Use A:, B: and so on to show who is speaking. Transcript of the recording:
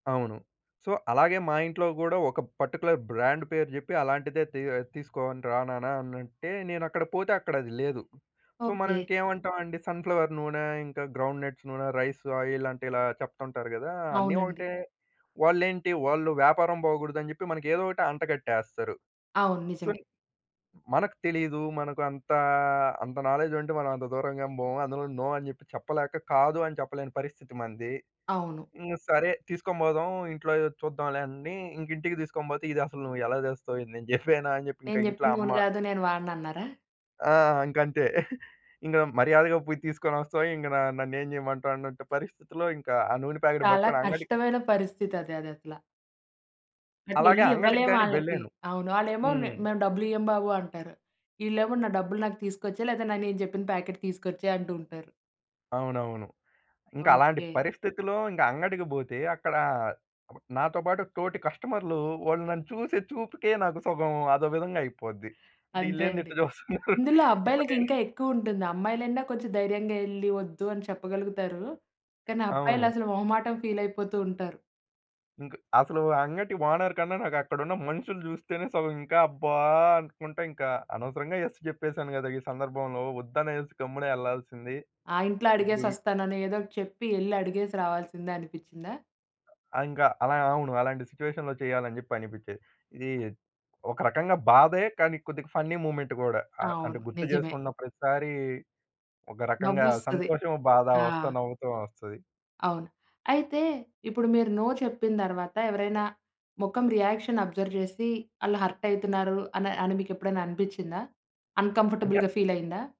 A: అవును. సో, అలాగే మా ఇంట్లో గుడా ఒక పార్టిక్యులర్ బ్రాండ్ పేరు జేప్పి, "అలాంటిదే తి తీసుకో‌ని రా నాన్న" అని అంటే నేను అక్కడ పోతే అక్కడది లేదు. సో మనం
B: ఓకే.
A: ఇంకేమంటామండీ సన్ ఫ్లవర్ నూనె ఇంకా గ్రౌండ్ నట్స్ నూనె రైస్ ఆయిలంటే ఇలా చెప్తుంటారు గదా! అన్నీ
B: అవునండి.
A: ఒకటే వాళ్లేంటి వాళ్ళు వ్యాపారం పోగూడదని జెప్పి మనకి ఏదో ఒటి అంటగట్టేస్తారు.
B: అవును.
A: సో,
B: నిజమే.
A: మనకు తెలిదు. మనకంతా అంత నాలెడ్జ్ ఉంటే మనం అంత దూరంగేమి బోము. అందులోను నో అని జెప్పి చెప్పలేక కాదు అని చెప్పలేని పరిస్థితి మనది.
B: అవును.
A: ఇంగ సరే, తీసుకొని బోదాం ఇంట్లో చూద్దాంలే అన్నీ ఇంకా ఇంటికి తీసుకొని పోతే, "ఇది అసలు నువ్వు ఎలా తేస్తావు? ఇది నేను జెప్పానా" అని జెప్పి ఇంక
B: నేను
A: ఇంట్లో
B: జేప్పిన
A: అమ్మ.
B: నూనె గాదు నేను వాడనన్నారా?
A: ఆ! ఇంకంతే ఇంగ మర్యాదగా పోయి తీసుకొనోస్తావ ఇంగ న నన్నేం జేయమంటావు అనంట పరిస్థితిలో ఇంకా ఆ నూనె ప్యాకెట్
B: చాలా
A: బట్టుకొని అంగడి
B: కష్టమైన పరిస్థితి అది అదసల.
A: అలాగే
B: అటెళ్ళి
A: అంగటికి గాని
B: ఇవ్వలేమాళ్ళకి
A: వెళ్ళాను.
B: అవును. ఆళ్ళేమో "మేం
A: హ్మ్.
B: మేము డబ్బులియ్యము బాబు" అంటారు. ఇళ్ళేమో నా డబ్బులు నాకు తీసుకొచ్చే లేదా న నేను జెప్పిన ప్యాకెట్ తీసుకొచ్చేయి అంటూ ఉంటారు.
A: అవునవును. ఇంకా అలాంటి
B: ఓకే.
A: పరిస్థితిలో ఇంకా అంగడికి బోతే అక్కడ నాతో బాటు తోటి కస్టమర్లు వోళ్ళు నన్ను చూసే చూపుకే నాకు సగం అదో విధంగా అయిపోద్ది. అంటే
B: అంతే
A: యిళ్లేంది?
B: అండి.
A: ఇట్లా చూస్తున్నారు
B: ఇందులో
A: ఇపుడు
B: అబ్బాయిలకి
A: నేను
B: ఇంకా ఎక్కువుంటుంది అమ్మాయిలన్న కొంచెం ధైర్యంగా ఏళ్లి ఒద్దు అని చెప్పగలుగుతారు. కానీ
A: అవును.
B: అబ్బాయిలసలు మొహమాటం ఫీలయిపోతూ ఉంటారు.
A: ఇంక అసలు అంగటి ఓనర్ కన్నా నాకక్కడున్న మనుషులు జూస్తేనే సగం ఇంకా అబ్బా! అనుకుంట ఇంక అనవసరంగా ఎస్ చెప్పేసాను గదా! ఈ సందర్భంలో వద్దనేసి గమ్మున ఏళ్ళాల్సింది.
B: ఆ ఇంట్లో
A: ఇపుడు
B: అడిగేసొస్తానని ఏదోకటి చెప్పి ఏళ్లి అడిగేసి రావాల్సిందనిపిచ్చిందా?
A: ఆ! ఇంకా అలాగ ఆ! అవును. అలాంటి సిచ్యుయేషన్‌లో చేయాలనిజెప్పి అనిపిచ్చేది. ఇది
B: అ!
A: ఒక రకంగా బాధే కానీ కొద్దిగా ఫన్నీ మూమెంట్ గూడా. ఆహ్, అంటే
B: అవును. నిజమే.
A: గుర్తుచేసుకున్న ప్రతిసారి ఒక రకంగా
B: నవ్వొస్తది.
A: సంతోషము, బాధ వస్తా
B: ఆ!
A: నవ్వుతోనొస్తది.
B: అవును. అయితే ఇప్పుడు మీరు నో చెప్పిన దర్వాత ఎవరైనా మొఖం రియాక్షన్ అబ్జర్వ్ చేసి ఆళ్ళు హర్ట్ అయితున్నారు అన అని మీకేప్పుడన్న అనిపిచ్చిందా?
A: అంటే
B: అన్‌కంఫర్టబుల్‌గా ఫీలయిందా?